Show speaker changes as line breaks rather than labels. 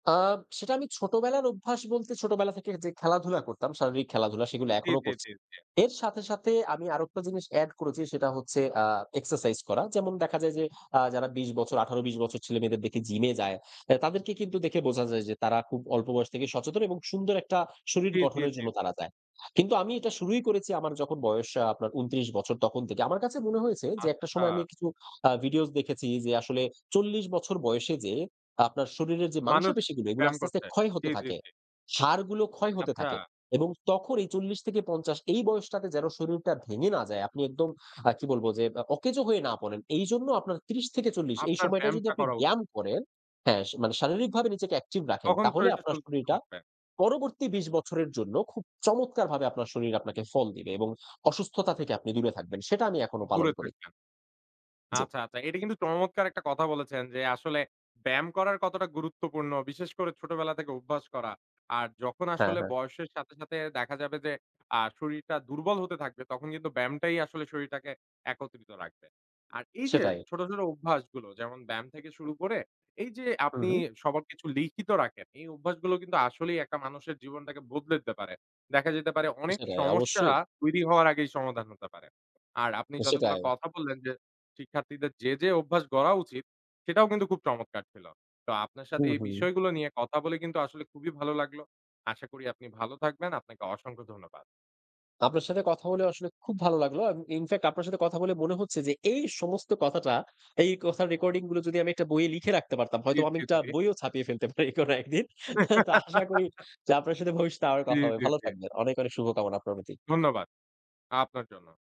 আ সেটা আমি ছোটবেলার অভ্যাস বলতে ছোটবেলা থেকে যে খেলাধুলা করতাম, শারীরিক খেলাধুলা, সেগুলো
জি,
এখনো
জি,
করছি।
জি, জি।
এর সাথে, সাথে আমি আরেকটা জিনিস add করেছি, সেটা হচ্ছে আ এক্সারসাইজ করা। যেমন দেখা যায় যে আ যারা ২০ বছর ১৮, ২০ বছর ছেলেমেয়েদের দেখি জিমে যায় এ তাদেরকে কিন্তু দেখে বোঝা যায় যে তারা খুব অল্প বয়স থেকে সচেতন এবং সুন্দর একটা শরীর
জি, জি,
গঠনের
জি।
জন্য তারা যায়। কিন্তু আমি এটা শুরুই করেছি আমার যখন বয়স আ আপনার ২৯ বছর তখন থেকে। আমার কাছে মনে হয়েছে যে একটা সময় আমি
আচ্ছা।
কিছু আ ভিডিওস দেখেছি যে আসলে ৪০ বছর বয়সে যেয়ে আ আপনার শরীরের যে
মানুষ
মাংসপেশিগুলো এগুলো
ব্যায়াম
আস্তে, আস্তে
করছে।
ক্ষয়
জি,
হতে
জি,
থাকে।
জি।
সারগুলো ক্ষয় হতে
আচ্ছা।
থাকে। এবং তখন এই ৪০ থেকে ৫০ এই বয়সটাতে যেন শরীরটা ভেঙে না যায়, আপনি একদম আ কি বলবো? যে আ অকেজো হয়ে না পড়েন। এইজন্য আপনার ৩০-৪০ এই
আপনার
সময়টায় যদি
ব্যায়ামটা
আপনি
করা উ
ব্যায়াম করেন হ্যাঁ, সা মানে শারীরিকভাবে নিজেকে active রাখেন
তখন
তাহলে
শরীরটা
আপনার
সুস্থ
শরীরটা
লাগবে।
পরবর্তী ২০ বছরের জন্য খুব চমৎকারভাবে আপনার শরীর আপনাকে ফল দিবে এবং অসুস্থতা থেকে আপনি দূরে থাকবেন। সেটা আমি এখনো পালন
দূরে
করি।
থাকবেন।
জি।
আচ্ছা, আচ্ছা। এটা কিন্তু চমৎকার একটা কথা বলেছেন যে আসলে ব্যায়াম করার কতটা গুরুত্বপূর্ণ। বিশেষ করে ছোটবেলা থেকে অভ্যাস করা। আর যখন
হ্যাঁ,
আসলে
হ্যাঁ।
বয়সের সাথে, সাথে দেখা যাবে যে আ শরীরটা দুর্বল হতে থাকবে, তখন কিন্তু ব্যায়ামটাই আসলে শরীরটাকে একত্রিত রাখবে। আর এইযে
সেটাই।
ছোট, ছোট অভ্যাসগুলো যেমন ব্যায়াম থেকে শুরু করে এইযে
হু,
আপনি
হু।
সবার কিছু লিখিত রাখেন। এই অভ্যাসগুলো কিন্তু আসলেই একটা মানুষের জীবনটাকে বদলে দিতে পারে। দেখা যেতে পারে
আ
অনেক
সেটাই,
সমস্যা
অবশ্যই।
তৈরি হওয়ার আগেই সমাধান হতে পারে। আর আপনি
আ
যতগুলো
সেটাই।
কথা বললেন যে শিক্ষার্থীদের যে, যে অভ্যাস গড়া উচিত, সেটাও কিন্তু খুব চমৎকার ছিল। তো আপনার সাথে
হুম,
এই
হুম।
বিষয়গুলো নিয়ে কথা বলে কিন্তু আসলে খুবই ভালো লাগলো। আশা করি আপনি ভালো থাকবেন, আপনাকে অসংখ্য ধন্যবাদ।
আপনার সাথে কথা বলে আসলে খুব ভালো লাগলো। এম আ infact আপনার সাথে কথা বলে মনে হচ্ছে যে এই সমস্ত কথাটা এই কথার রেকর্ডিংগুলো যদি আমি একটা বইয়ে লিখে রাখতে পারতাম,
জি,
হয়তো আমি
জি,
একটা
জি।
বইও ছাপিয়ে ফেলতে পারি কোনো একদিন। হ্যা? তো আশা করি যে আপনার সাথে ভবিষ্যতে আবার
জি,
কথা হবে।
জি,
ভালো
জি।
থাকবেন। অনেক, অনেক শুভকামনা আপনার প্রতি।
ধন্যবাদ। আ আপনার জন্যও।